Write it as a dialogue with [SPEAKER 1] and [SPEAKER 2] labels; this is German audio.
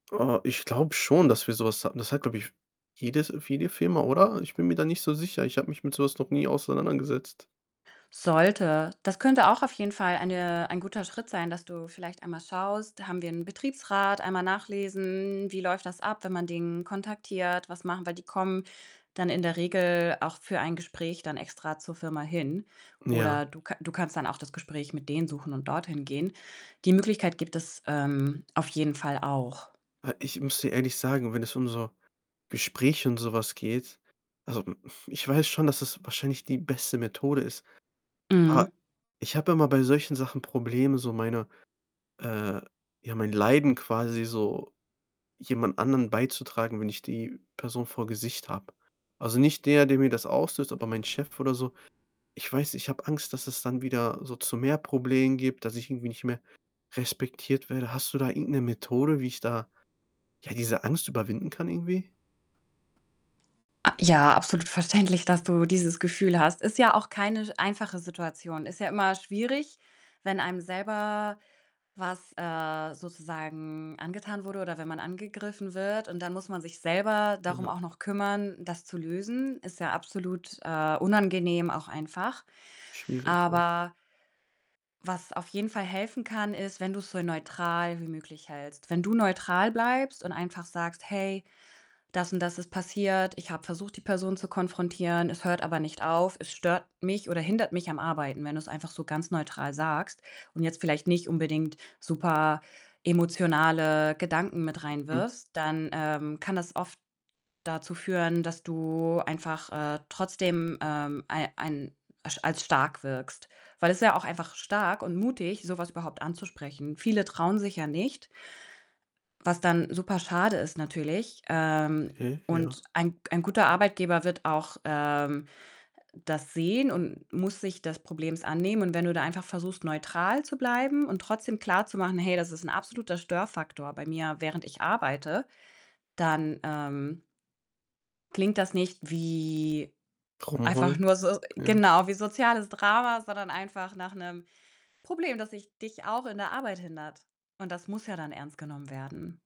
[SPEAKER 1] Äh, ich glaube schon, dass wir so was hatten. Das hat, glaube ich f jedes F jede Firma, oder? Ich bin mir da nicht so sicher. Ich habe mich mit sowas noch nie auseinandergesetzt.
[SPEAKER 2] Sollte. Das könnte auch auf jeden Fall eine ein guter Schritt sein, dass du vielleicht einmal schaust: „Haben wir 'nen Betriebsrat“, einmal nachlesen, „wie läuft das ab, wenn man den kontaktiert? Was machen wir?“ Die kommen dann in der Regel auch für ein Gespräch dann extra zur Firma hin.
[SPEAKER 1] Ja.
[SPEAKER 2] Oder du ka du kannst dann auch das Gespräch mit denen suchen und dort hingehen. Die Möglichkeit gibt es, ähm, auf jeden Fall auch.
[SPEAKER 1] Äh, ich muss dir ehrlich sagen, wenn es um so Gespräche und so was geht, also, hm, pf ich weiß schon, dass das wahrscheinlich die beste Methode ist, aber
[SPEAKER 2] Mhm.
[SPEAKER 1] ich habe immer bei solchen Sachen Probleme, so meine äh, ja, mein Leiden quasi so jemand anderen beizutragen, wenn ich die Person vor Gesicht habe. Also, nicht der, der mir das auslöst, aber mein Chef oder so. Ich weiß ich, ich habe Angst, dass es dann wieder so zu mehr Problemen gibt, dass ich irgendwie nicht mehr respektiert werde. Hast du da irgend 'ne Methode, wie ich da, ja, diese Angst überwinden kann irgendwie?
[SPEAKER 2] A ja, absolut verständlich, dass du dieses Gefühl hast. Ist ja auch keine s einfache Situation. Ist ja immer schwierig, wenn einem selber was, äh, sozusagen angetan wurde oder wenn man angegriffen wird, und dann muss man sich selber darum
[SPEAKER 1] Ja.
[SPEAKER 2] auch noch kümmern, das zu lösen. Ist ja absolut, äh, unangenehm auch einfach.
[SPEAKER 1] Schwierig, ja.
[SPEAKER 2] Aber was auf jeden Fall helfen kann, ist, wenn du's so neutral wie möglich hältst. Wenn du neutral bleibst und einfach sagst: „Hey, das und das ist passiert. Ich habe versucht, die Person zu konfrontieren, es hört aber nicht auf. Es stört mich oder hindert mich am Arbeiten.“ Wenn du's einfach so ganz neutral sagst und jetzt vielleicht nicht unbedingt super emotionale Gedanken mit
[SPEAKER 1] Mhm.
[SPEAKER 2] reinwirfst, dann, ähm, kann das oft dazu führen, dass du einfach, äh, trotzdem, ähm, ei ein as als stark wirkst, weil es ist ja auch einfach stark und mutig, so was überhaupt anzusprechen. Viele trauen sich ja nicht was dann super schade ist natürlich. Ähm,
[SPEAKER 1] Okay, ja.
[SPEAKER 2] und ein g ein guter Arbeitgeber wird auch, ähm, das sehen und muss sich des Problems annehmen und wenn du da einfach versuchst, neutral zu bleiben und trotzdem klarzumachen: „Hey, das ist 'n absoluter Störfaktor bei mir, während ich arbeite“, dann, ähm klingt das nicht wie einfach
[SPEAKER 1] Rumheulen,
[SPEAKER 2] nur so
[SPEAKER 1] ja.
[SPEAKER 2] genau, wie soziales Drama, sondern einfach nach 'nem Problem, das sich dich auch in der Arbeit hindert, und das muss ja dann ernst genommen werden.